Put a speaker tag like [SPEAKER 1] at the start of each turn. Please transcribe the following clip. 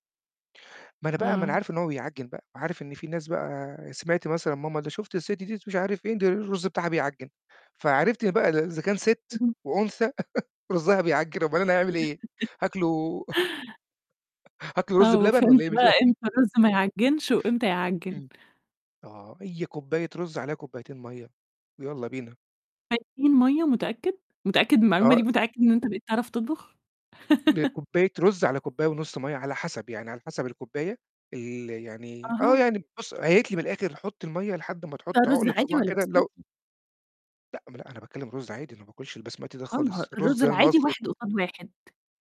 [SPEAKER 1] ما أنا بقى ما أنا
[SPEAKER 2] آه.
[SPEAKER 1] عارف إن هو بيعجِّن بقى، عارف إن في ناس بقى سمعْت مثلًا ماما: "شُفت الست دي، مش عارف إيه، ده الرز بتاعها بيعجِّن،" فعرفت بقى إذا كان ست
[SPEAKER 2] اهم.
[SPEAKER 1] وأنثى رزها بيعجِّن أومال أنا هاعمل إيه، هاكله هاكله رز
[SPEAKER 2] آه،
[SPEAKER 1] بلبن
[SPEAKER 2] وفهمت
[SPEAKER 1] والّا إيه مش
[SPEAKER 2] بقى
[SPEAKER 1] فاهم؟
[SPEAKER 2] إمتى الرز ما يعجنش وإمتى يعجن.
[SPEAKER 1] إمم، آه هي كوباية رز عليها كوبايتين مَيّة، ويالّا بينا.
[SPEAKER 2] كوبايتين مَية! متأكد؟ متأكد من المعلومة
[SPEAKER 1] آه.
[SPEAKER 2] دي، متأكد إن أنت بقيت تعرف تطبخ؟
[SPEAKER 1] بكوباية رز، على كوباية ونص مَيّة على حسب، يعني على حسب الكوباية ال يعني آه،
[SPEAKER 2] أها.
[SPEAKER 1] يعني بُص هي قالت لي من الآخر حُط المَية لحد ما
[SPEAKER 2] ده
[SPEAKER 1] تحُط
[SPEAKER 2] رز
[SPEAKER 1] عُقلة
[SPEAKER 2] عادي
[SPEAKER 1] صوباع
[SPEAKER 2] والّا
[SPEAKER 1] كده لو
[SPEAKER 2] بسمتي؟
[SPEAKER 1] لأ ما أنا أنا باتكلم رز عادي، أنا ما باكلش البسمتي ده
[SPEAKER 2] آه ما هو
[SPEAKER 1] خالص،
[SPEAKER 2] الرز
[SPEAKER 1] الرز
[SPEAKER 2] العادي
[SPEAKER 1] المصري.
[SPEAKER 2] واحد قصاد واحد.